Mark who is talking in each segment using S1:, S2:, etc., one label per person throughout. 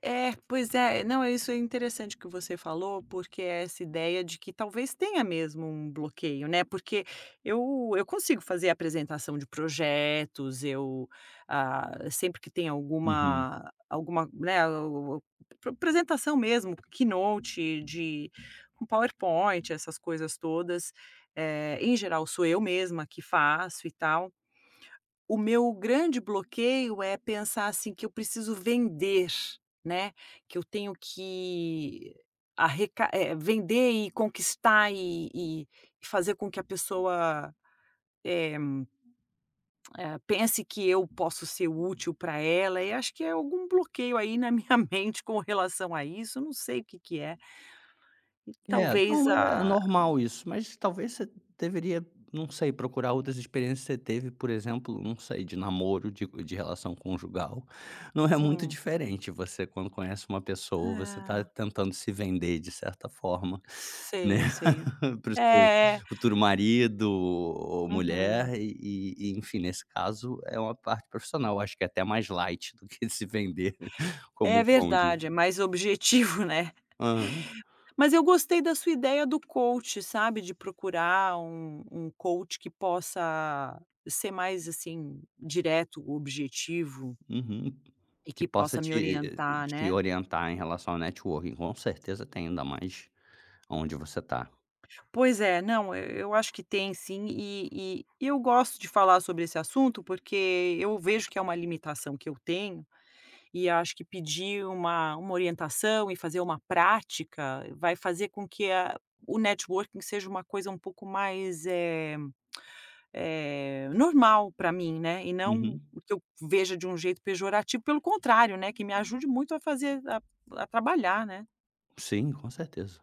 S1: É, pois é, não, isso é interessante que você falou, porque essa ideia de que talvez tenha mesmo um bloqueio, né, porque eu eu consigo fazer apresentação de projetos, eu, ah, sempre que tem
S2: Uhum.
S1: alguma alguma, né, ap apresentação mesmo, que note, de um PowerPoint, essas coisas todas, eh, em geral sou eu mesma que faço e tal, o meu grande bloqueio é pensar assim que eu preciso vender, né, que eu tenho que arreca vender e conquistar e fazer com que a pessoa, eh eh, pense que eu posso ser útil para ela, e acho que é algum bloqueio aí na minha mente com relação a isso, eu não sei o que que é. E
S2: É,
S1: talvez
S2: não, é
S1: a
S2: normal isso mas talvez você deveria, não sei, procurar outras experiências que você teve por exemplo, não sei de namoro, de re de relação conjugal, não é muito
S1: Hum.
S2: diferente você quando conhece uma pessoa você tá
S1: É.
S2: tentando se vender de certa forma, né,
S1: Sei, sei,
S2: para o seu
S1: é.
S2: futuro marido ou
S1: Uhum.
S2: mulher e e enfim nesse caso é uma parte profissional, acho que é até mais light do que se vender como
S1: É
S2: um coach.
S1: verdade, é mais objetivo, né,
S2: Aham.
S1: mas eu gostei da sua ideia do coach, sabe, de procurar um um coach que possa ser mais, assim, direto, objetivo
S2: Uhum,
S1: e
S2: que
S1: que
S2: possa
S1: possa me
S2: te
S1: orientar,
S2: te
S1: né.
S2: orientar em relação a networking com certeza tem ainda mais aonde você tá.
S1: Pois é, não, eu acho que tem sim e e e eu gosto de falar sobre esse assunto, porque eu vejo que é uma limitação que eu tenho e acho que pedir uma uma orientação e fazer uma prática vai fazer com que o networking seja uma coisa um pouco mais, eh eh, normal para mim e não
S2: Uhum.
S1: o que eu veja de um jeito pejorativo, pelo contrário, que me ajude muito a fazer a a trabalhar, né.
S2: Sim, com certeza.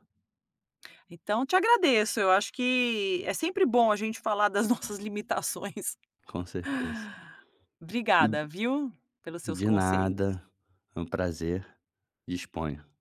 S1: Então te agradeço, eu acho que é sempre bom a gente falar das nossas limitações.
S2: Com certeza. Hum.
S1: Obrigada, viu, pelos seus
S2: De
S1: conselhos.
S2: nada, é um prazer, disponha.